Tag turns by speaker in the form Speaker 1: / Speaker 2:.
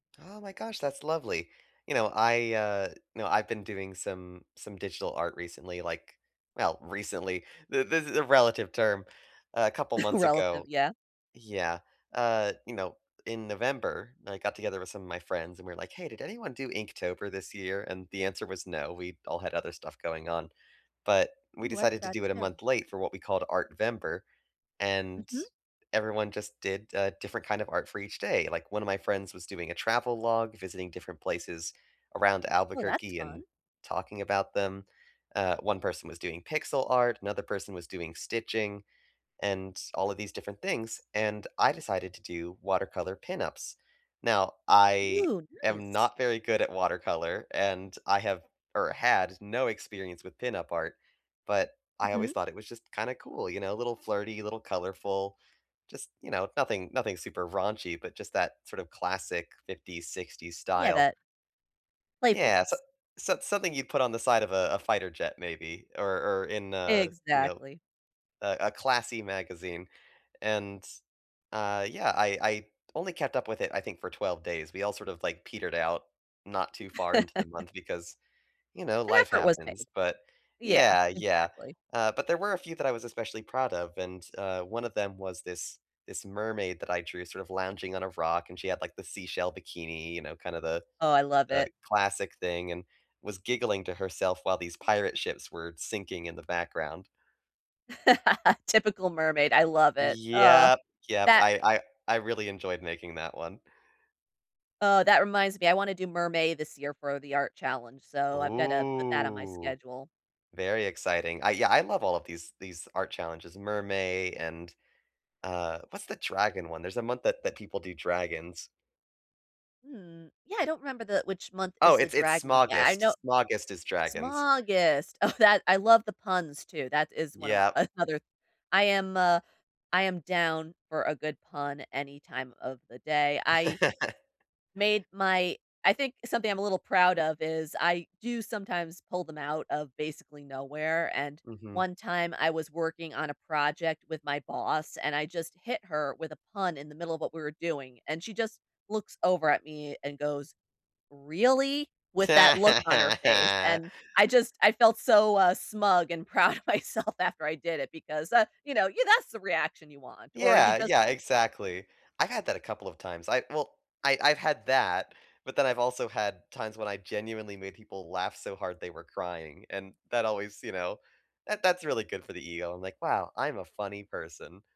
Speaker 1: Oh, my gosh, that's lovely. You know, I, uh, know, I've been doing some some digital art recently, like well, recently, th this is a relative term. A couple months
Speaker 2: "Relative,"
Speaker 1: ago
Speaker 2: yeah?
Speaker 1: Yeah, uh, you know, in November, I got together with some of my friends, and we're like, "Hey, did anyone do Inktober this year?" And the answer was "no," we all had other stuff going on. But, we
Speaker 2: Ooh, I
Speaker 1: decided to
Speaker 2: forgot
Speaker 1: do it a
Speaker 2: too.
Speaker 1: month late for what we called "Artvember", and
Speaker 2: Mhm.
Speaker 1: everyone just did a different kind of art for each day. Like, one of my friends was doing a travel log, visiting different places around
Speaker 2: Oh, that's
Speaker 1: Albuquerque
Speaker 2: fun.
Speaker 1: and talking about them. Uh, one person was doing pixel art, another person was doing stitching and all of these different things, and I decided to do watercolor pin-ups. Now, I
Speaker 2: Ooh,
Speaker 1: am
Speaker 2: nice.
Speaker 1: not very good at watercolor, and I have, or had, no experience with pin-up art, but I always
Speaker 2: Mhm.
Speaker 1: thought it was just kinda cool, you know, a little flirty, a little colorful, just, you know, nothing nothing super raunchy, but just that, sort of, classic '50s, '60s
Speaker 2: Yeah,
Speaker 1: style.
Speaker 2: that
Speaker 1: Yeah. So
Speaker 2: playfulness.
Speaker 1: so something you put on the side of a a fighter jet maybe, or or in a, you know,
Speaker 2: Exactly.
Speaker 1: a a classy magazine. And, uh, yeah, I I only kept up with it, I think, for 12 days, we all sort of, like, petered out not too far into the month because, you know,
Speaker 2: An
Speaker 1: life
Speaker 2: effort was
Speaker 1: happens,
Speaker 2: made.
Speaker 1: but
Speaker 2: Yeah,
Speaker 1: yeah, yeah.
Speaker 2: exactly.
Speaker 1: Uh, but there were a few that I was especially proud of, and, uh, one of them was this this mermaid that I drew sort of lounging on a rock, and she had, like, the seashell bikini, you know, kind of the,
Speaker 2: Oh, I love
Speaker 1: uh,
Speaker 2: it.
Speaker 1: classic thing and was giggling to herself while these pirate ships were sinking in the background.
Speaker 2: Typical mermaid, I love it. Uh,
Speaker 1: Yep. Yep.
Speaker 2: that
Speaker 1: I I I really enjoyed making that one.
Speaker 2: Uh, that reminds me. I wanna do Mermay this year for the art challenge, so I've gotta put that on my
Speaker 1: Ooh,
Speaker 2: schedule.
Speaker 1: very exciting. I yeah, I love all of these these art challenges, Mermay and, uh what's the dragon one? There's a month that that people do dragons.
Speaker 2: Mm. Yeah, I don't remember the which month
Speaker 1: Oh,
Speaker 2: is the
Speaker 1: it's it's
Speaker 2: dragon one, i I know
Speaker 1: Smaugust. Smaugust is dragons.
Speaker 2: Smaugust. Oh, that I love the puns too, that is one of
Speaker 1: Yep.
Speaker 2: m another I am, uh I am down for a good pun any time of the day. I made my I think something I'm a little proud of is I do sometimes pull them out of basically nowhere, and
Speaker 1: Mhm.
Speaker 2: one time I was working on a project with my boss, and I just hit her with a pun in the middle of what we were doing, and she just looks over at me and goes, "Really?" With that look on her face. And I just I felt so, uh, smug and proud of myself after I did it because, uh, you know, you that's the reaction you want or you
Speaker 1: Yeah,
Speaker 2: just
Speaker 1: yeah, exactly. I had that a couple of times, I well, I I've had that, but then I've also had times when I genuinely made people laugh so hard they were crying, and that always, you know, that that's really good for the ego. I'm like, "Wow, I'm a funny person."